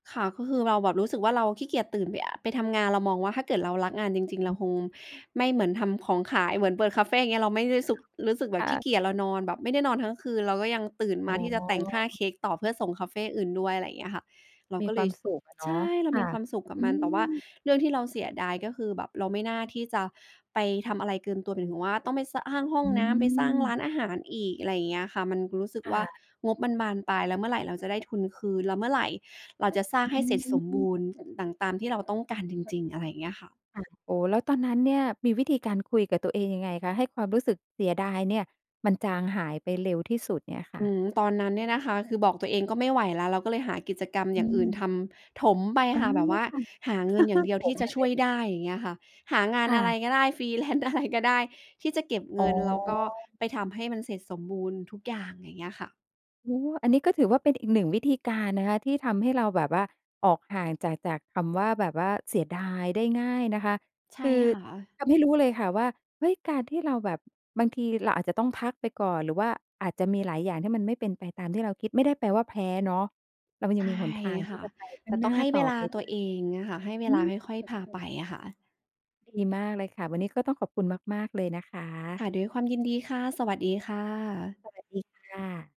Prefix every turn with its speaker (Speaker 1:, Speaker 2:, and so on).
Speaker 1: ค่ะ ก็คือเราแบบรู้สึกว่า เราขี้เกียจตื่นไป อ่า ไปทำงาน เรามองว่า ถ้าเกิดเรารักงานจริง ๆ เร
Speaker 2: ฮ
Speaker 1: า
Speaker 2: ึ
Speaker 1: คงไม่เหมือนทำของขาย เหมือนเปิดคาเฟ่ อย่างเงี้ย เราไม่ได้ซุก รู้สึกแบ
Speaker 2: ค
Speaker 1: บ
Speaker 2: ่
Speaker 1: ขี้เ
Speaker 2: ะ
Speaker 1: กียจ เรานอนแบบไม่ได้นอนทั้งคืน เราก็ยังตื่น
Speaker 2: อ
Speaker 1: ม
Speaker 2: ๋
Speaker 1: า
Speaker 2: อ
Speaker 1: ที่จะแต่งหน้าเค้กต่อเพื่อส่งคาเฟ่อื่นด้วย อะไรอย่างเงี้ยค่ะ เรา
Speaker 2: มี
Speaker 1: ก็
Speaker 2: ค
Speaker 1: เล
Speaker 2: วา
Speaker 1: ย
Speaker 2: ม
Speaker 1: ช
Speaker 2: สุขอะเนา
Speaker 1: ใช
Speaker 2: ะ
Speaker 1: ่ เรา
Speaker 2: ค่
Speaker 1: มี
Speaker 2: ะ
Speaker 1: ความสุขกั
Speaker 2: อ
Speaker 1: บ
Speaker 2: ื
Speaker 1: มัน แต่ว่า
Speaker 2: ม
Speaker 1: เรื่องที่เราเสียดาย ก็คือแบบเราไม่น่าที่จะไปทำอะไรเกินตัว หมายถึงว่าต้องไป ส อ้างห้อ
Speaker 2: อ
Speaker 1: งน้ำ ไปสร้างร้
Speaker 2: ืม
Speaker 1: านอาหารอีก อะไรอย่างเงี้ยค่ะ มันคือรู้สึก
Speaker 2: ค
Speaker 1: ว่
Speaker 2: ่
Speaker 1: า
Speaker 2: ะ
Speaker 1: งบมันบานปลาย แล้วเมื่อไหร่เราจะได้ทุนคืน? แล้วเมื่อไหร่เราจะสร้างให
Speaker 2: อ
Speaker 1: ้
Speaker 2: ื
Speaker 1: เสร็จสมบ
Speaker 2: อ
Speaker 1: ูรณ์ต่าง ตามที่เราต้องการจริง ๆ? อะไรเงี้ยค่ะ
Speaker 2: ค่ะ โอ้! แล้วตอนนั้นเนี่ยมีวิธีการคุยกับตัวเองยังไงคะ ให้ความรู้สึกเสียดายเนี่ยมันจางหายไปเร็วที่สุดเนี้ยค
Speaker 1: อ
Speaker 2: ่
Speaker 1: ื
Speaker 2: ะ?
Speaker 1: ม ตอนนั้นเนี่ยนะคะ คือบอกตัวเองก็ไม่ไหวแล้ว เราก็เลยหากิจกรรม
Speaker 2: อ
Speaker 1: อ
Speaker 2: ื
Speaker 1: ย่างอื่น
Speaker 2: ม
Speaker 1: ทำถมไป
Speaker 2: อ๋อ
Speaker 1: ค่ะ แบบว่า
Speaker 2: ค่ะ
Speaker 1: หาเงินอย่างเดียว
Speaker 2: ถ
Speaker 1: ที่
Speaker 2: ม
Speaker 1: จ
Speaker 2: ไ
Speaker 1: ะ
Speaker 2: ปเ
Speaker 1: ช
Speaker 2: ล
Speaker 1: ่ว
Speaker 2: ย
Speaker 1: ยได้ อย่างเงี้ยค่ะ หางาน
Speaker 2: ค่
Speaker 1: อะไร
Speaker 2: ะ
Speaker 1: ก็ได้ ฟรีแลนซ์ อะไรก็ได้ที่จะเก็บเ
Speaker 2: อ
Speaker 1: ง
Speaker 2: ๋
Speaker 1: ิน แล้วก็
Speaker 2: อ
Speaker 1: ไปทำให้มันเสร็จสมบูรณ์ทุกอย่าง อย่างเงี้ยค่ะ
Speaker 2: โอ้โฮ! อันนี้ก็ถือว่าเป็นอีก 1 วิธีการนะคะที่ทำให้เราแบบว่า ออกห่างจาก จากคำว่า แบบว่าเสียดายได้ง่ายนะคะ
Speaker 1: ใช่
Speaker 2: คือ
Speaker 1: ค่ะ
Speaker 2: ทำให้รู้เลยค่ะว่า เฮ้ย! การที่เราแบบ บางทีเราอาจจะต้องพักไปก่อน หรือว่าอาจจะมีหลายอย่างที่มันไม่เป็นไปตามที่เราคิด ไม่ได้แปลว่าแพ้เนาะ เราย
Speaker 1: ใ
Speaker 2: ั
Speaker 1: ช
Speaker 2: ง
Speaker 1: ่
Speaker 2: มีหนทางท
Speaker 1: ค
Speaker 2: ี่
Speaker 1: ่ะ
Speaker 2: จะไปข
Speaker 1: แ
Speaker 2: ้
Speaker 1: ต
Speaker 2: า
Speaker 1: ่
Speaker 2: งห
Speaker 1: ต
Speaker 2: น
Speaker 1: ้
Speaker 2: ้
Speaker 1: อ
Speaker 2: า
Speaker 1: งให้
Speaker 2: ต่
Speaker 1: เว
Speaker 2: อ
Speaker 1: ลา
Speaker 2: ไปไ
Speaker 1: ต
Speaker 2: ด
Speaker 1: ั
Speaker 2: ้
Speaker 1: วเอง เงี้ยค่ะ ให้เว
Speaker 2: อื
Speaker 1: ลา
Speaker 2: ม
Speaker 1: ค่อย ๆ พาไปอะค่ะ
Speaker 2: ดีมากเลยค่ะ วันนี้ก็ต้องขอบคุณมาก ๆ เลยนะค
Speaker 1: ค
Speaker 2: ะ
Speaker 1: ่ะ ด้วยความยินดีค่ะ สวัสดีค่ะ
Speaker 2: สวัสดีค่ะ